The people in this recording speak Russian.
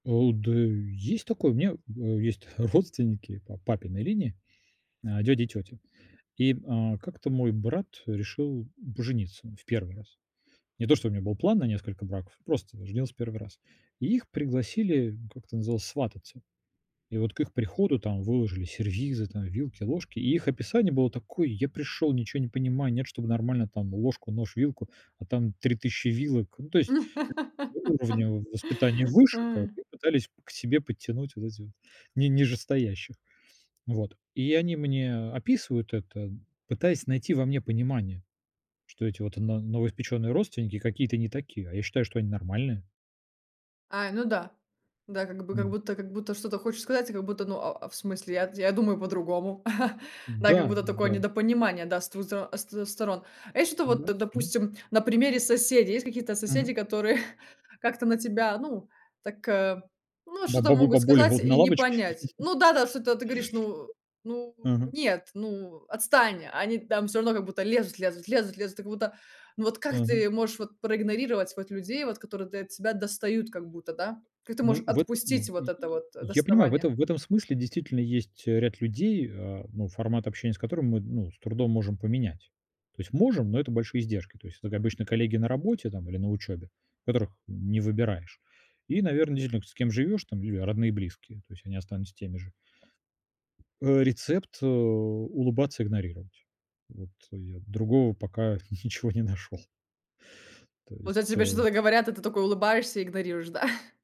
А, у, да есть такой, у меня, а, есть родственники по папиной линии, а, дядя и тётя, и, м, а, как-то мой брат решил пожениться в 1 раз. Не то, что у меня был план на несколько браков, просто женился в 1 раз. И их пригласили, как это называлось, свататься, и вот к их приходу там выложили сервизы: там, вилки, ложки. И их описание было такое: "Я пришёл, ничего не понимаю, нет, чтобы нормально там ложку, нож, вилку, а там 3000 вилок". Ну, то есть у уровня воспитания выше как бы и пытались к себе подтянуть вот этих, ни нижестоящих. Вот. И они мне описывают это, пытаясь найти во мне понимание, что эти вот на новоиспеченные родственники какие-то не такие, а я считаю, что они нормальные. А, ну да. Да, как бы как будто как будто что-то хочешь сказать, и как будто, но, а, а, в смысле? Я я думаю, по-другому. Да, как Да, будто такое да. недопонимание, да, сто со сто сторон. А если это вот, Да, м. допустим, на примере соседей, есть какие-то соседи, Мгм. которые как-то на тебя, ну, так, э, ну Ба что-то бабуль могут бабули сказать вот на и не лавочке? понять. Ну да да, что-то ты говоришь: "Ну ну Мгм. нет, ну, отстань!" А они там всё равно как будто лезут, лезут, лезут, лезут, и как будто Ну вот как Мгм. ты можешь вот проигнорировать вот людей вот которые та тебя достают как будто, да? Как ты можешь Ну вот в отпустить вот и это и вот я понимаю, в доставание? этом в этом смысле действительно есть, э, ряд людей, а, ну формат общения с которыми мы, ну, с трудом можем поменять. То есть можем, но это большие издержки. То есть это как обычно коллеги на работе там или на учёбе, которых не выбираешь. И, наверно, действительно, с кем живёшь, там или родные, близкие, то есть они останутся теми же. Э, рецепт, э, улыбаться, игнорировать. Вот я другого пока ничего не нашёл. То Вот о есть тебе э что-то говорят, а ты такой улыбаешься и игнорируешь, да?